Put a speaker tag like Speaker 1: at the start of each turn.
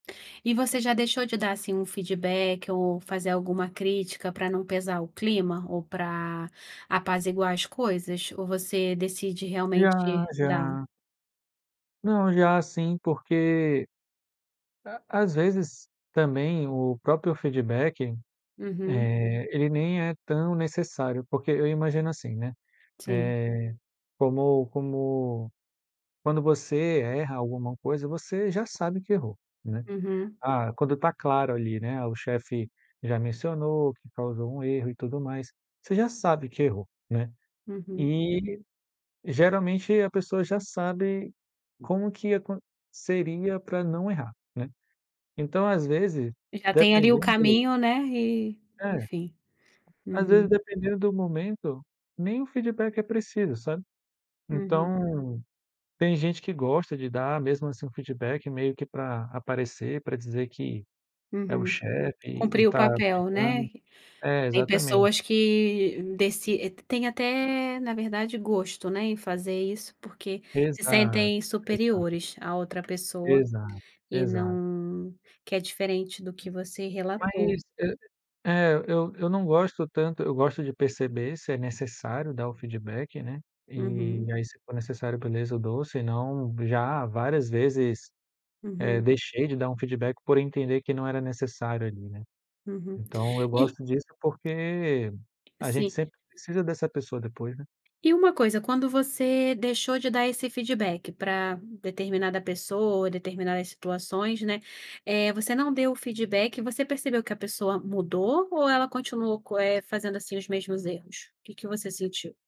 Speaker 1: E você já deixou de dar, assim, um feedback ou fazer alguma crítica para não pesar o clima ou para apaziguar as coisas? Ou você decide
Speaker 2: Já,
Speaker 1: realmente dar?
Speaker 2: já. Não, já sim, porque à às vezes, também o próprio feedback,
Speaker 1: Uhum.
Speaker 2: eh, ele nem é tão necessário. Porque eu imagino assim, né,
Speaker 1: Sim.
Speaker 2: eh, como como quando você erra alguma coisa, você já sabe que errou, né.
Speaker 1: Uhum.
Speaker 2: Ah quando está claro ali, né, o chefe, já mencionou que causou um erro e tudo mais, você já sabe que errou, né.
Speaker 1: Uhum.
Speaker 2: E, geralmente, a pessoa já sabe, como que acon seria para não errar, né. Então às vezes,
Speaker 1: Já tem ali o
Speaker 2: dependendo
Speaker 1: caminho, né. E,
Speaker 2: É.
Speaker 1: enfim.
Speaker 2: Às
Speaker 1: Uhum.
Speaker 2: vezes, dependendo do momento, nem o feedback é preciso, sabe.
Speaker 1: Uhum.
Speaker 2: Então, tem gente que gosta de dar, mesmo assim, um feedback, meio que para aparecer, para dizer que é o
Speaker 1: Uhum.
Speaker 2: chefe e e
Speaker 1: Cumpriu o
Speaker 2: está
Speaker 1: papel,
Speaker 2: brigando.
Speaker 1: né.
Speaker 2: É
Speaker 1: Tem
Speaker 2: exatamente.
Speaker 1: pessoas que, deci t têm até, na verdade, gosto, né, em fazer isso porque se
Speaker 2: Exato,
Speaker 1: sentem
Speaker 2: exato.
Speaker 1: superiores à outra pessoa,
Speaker 2: Exato,
Speaker 1: e
Speaker 2: exato.
Speaker 1: não que é diferente do que você
Speaker 2: Mas
Speaker 1: relatou.
Speaker 2: e é, eu eu não gosto tanto. Eu gosto de perceber se é necessário dar o feedback, né, e
Speaker 1: Uhum.
Speaker 2: aí, se for necessário, beleza, eu dou, senão já várias vezes, eh,
Speaker 1: Uhum.
Speaker 2: deixei de dar um feedback por entender que não era necessário ali, né.
Speaker 1: Uhum.
Speaker 2: Então eu
Speaker 1: E
Speaker 2: gosto disso porque a gente
Speaker 1: Sim.
Speaker 2: sempre precisa dessa pessoa depois, né.
Speaker 1: E uma coisa, quando você deixou de dar esse feedback para determinada pessoa, determinadas situações, né, eh, você não deu o feedback e você percebeu que a pessoa mudou, ou ela continuou co eh, fazendo, assim, os mesmos erros? O que que você sentiu?